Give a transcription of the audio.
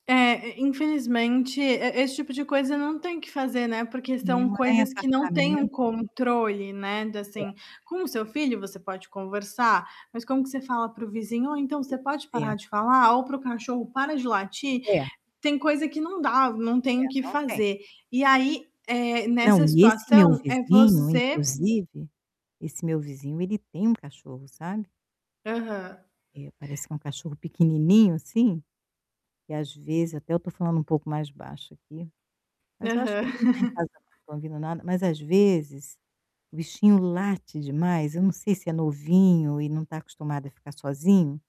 É, e infelizmente, e esse tipo de coisa não tem que fazer, né, porque [unintelligible] são morar em coisas que não têm um apartamento. controle, né, de, É. assim, com o seu filho você pode conversar, mas como que você fala para o vizinho: "Ou, então, você Pois pode é. parar de falar?", ou para o cachorro: "Para de latir?". É. Tem coisa que não dá, não É, tem o que não tem. fazer. E aí, eh, Não, nessa e esse meu situação, é vizinho, você inclusive, esse meu vizinho ele tem um cachorro, sabe. Aham. É, parece que é um cachorro pequenininho, assim, e às vezes até eu tô falando um pouco mais baixo aqui, mas eu acho que Aham. ele não tá em casa, não tô ouvindo nada. Mas, às vezes, o bichinho late demais, eu não sei se é novinho e não está acostumado a ficar sozinho